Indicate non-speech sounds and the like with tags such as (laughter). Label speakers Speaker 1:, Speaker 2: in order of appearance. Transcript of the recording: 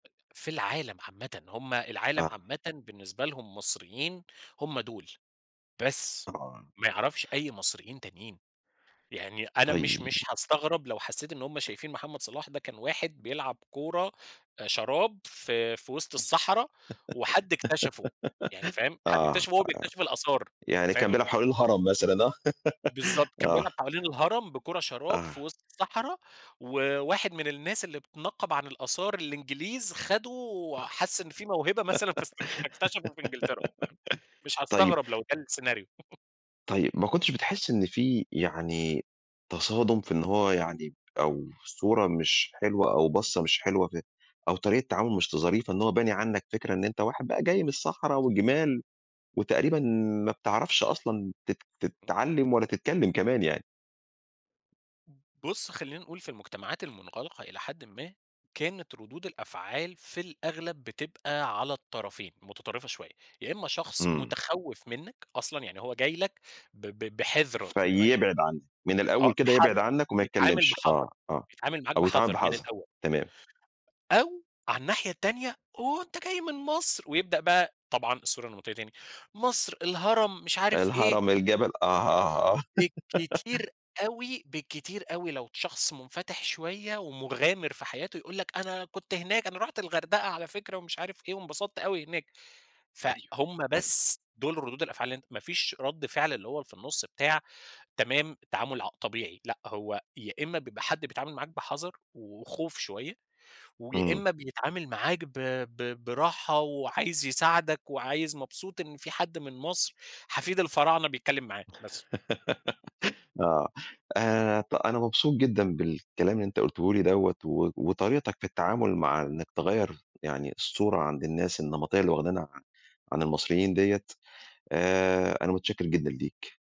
Speaker 1: في العالم عامةً. هم العالم
Speaker 2: آه.
Speaker 1: عامةً بالنسبة لهم المصريين هم دول، بس،
Speaker 2: طبعًا.
Speaker 1: ما يعرفش أي مصريين تانيين. يعني أنا مش مش
Speaker 2: طيب.
Speaker 1: هاستغرب لو حسّيت إن هم شايفين محمد صلاح ده كان واحد بيلعب كورة، آآ شراب في في وِسط
Speaker 2: (laughs)
Speaker 1: الصحرا وحد اكتشفه. يعني فاهم،
Speaker 2: آه،
Speaker 1: حد
Speaker 2: آه،
Speaker 1: اكتشفه وهو بيكتشف الآثار،
Speaker 2: يعني كان
Speaker 1: فاهم؟
Speaker 2: بيلعب حوالين الهرم مثلًا، آه.
Speaker 1: بالضبط. كان
Speaker 2: آه.
Speaker 1: بيلعب حوالين الهرم بكورة شراب في
Speaker 2: آه.
Speaker 1: وِسط الصحرا وواحد من الناس اللي بتنقَّب عن الآثار الإنجليز، خَدُه، حَس إن فيه موهبة مثلًا فاستك فاكتشفه في إنجلترا، فاهم؟ مش
Speaker 2: (laughs) طيب
Speaker 1: هاستغرب لو ده السيناريو. (chuckles)
Speaker 2: طيب، ما كنتش بتحِس إن في يعني تصادُم في إن هو يعني أو صورة مش حلوة أو بصّة مش حلوة في أو طريقة التعامل مش ت ظريفة إن هو باني عنّك فكرة إن أنت واحد بقى جاي من الصحرا والجِمال وتقريبًا ما بتعرفش أصلًا تت تت
Speaker 1: إمم.
Speaker 2: تتعلّم ولا تتكلّم كمان يعني.
Speaker 1: بُص، خلّينا نقول في المُجتمعات المُنغلقة إلى حدٍ ما، كانت ردود الأفعال في الأغلب بتبقى على الطرفين، مُتطرِّفة شوية. يا إمّا شخص
Speaker 2: إمم.
Speaker 1: مُتخوِّف منّك أصلًا، يعني هو جاي لك ب ب بِحذر ب يعني،
Speaker 2: فيبعد عنّك، من
Speaker 1: آه،
Speaker 2: الأول كده يبعد
Speaker 1: بحَذَر.
Speaker 2: عنّك وما
Speaker 1: يتعامل
Speaker 2: يتكلّمش،
Speaker 1: بحَذَر،
Speaker 2: آه، آه.
Speaker 1: يتعامل معاك
Speaker 2: أو يتعامل
Speaker 1: بحَذَر من
Speaker 2: بحَذَر،
Speaker 1: الأول.
Speaker 2: تمام.
Speaker 1: أو عن الناحية التانية، هو أنت جاي من مصر! ويبدأ بقى طبعًا الصورة النمطيّة تاني، مصر، الهرم مش عارف إيه.
Speaker 2: الهرم، الجبل آه، آه، آه.
Speaker 1: بالكتير
Speaker 2: (laughs)
Speaker 1: أوي بالكتير أوي لو شخص مُنفَتِح شوية ومُغامر في حياته، يقول لك أنا كنت هناك، أنا رُحت الغردقة على فكرة ومش عارف إيه، وانبسطت أوي هناك.
Speaker 2: أيوه.
Speaker 1: فهُم
Speaker 2: أيوه.
Speaker 1: بس دُول ردود الأفعال اللي أنت ما فيش رَد فعل اللي هو اللي في النُص بتاع، تمام، تعامل ع طبيعي لأ، هو يا إمّا بيبقى حد بيتعامل معاك بحَذَر وخوف شوية ويا
Speaker 2: إمم.
Speaker 1: إمّا بيتعامل معاك ب ب براحة وعايز يساعدك وعايز مبسوط إن في حد من مصر، حفيد الفراعنة بيتكلّم معاه،
Speaker 2: (laughs)
Speaker 1: بس.
Speaker 2: آه. آآ، ط أنا مبسوط جدًا بالكلام اللي أنت قُلته لي دوّة و وطريقتك في التعامل مع إنّك تغيّر يعني الصورة عند الناس النمطيّة اللي واخدينها عن عن المصريين دية، آآ أنا مُتشكِّر جدًا ليك.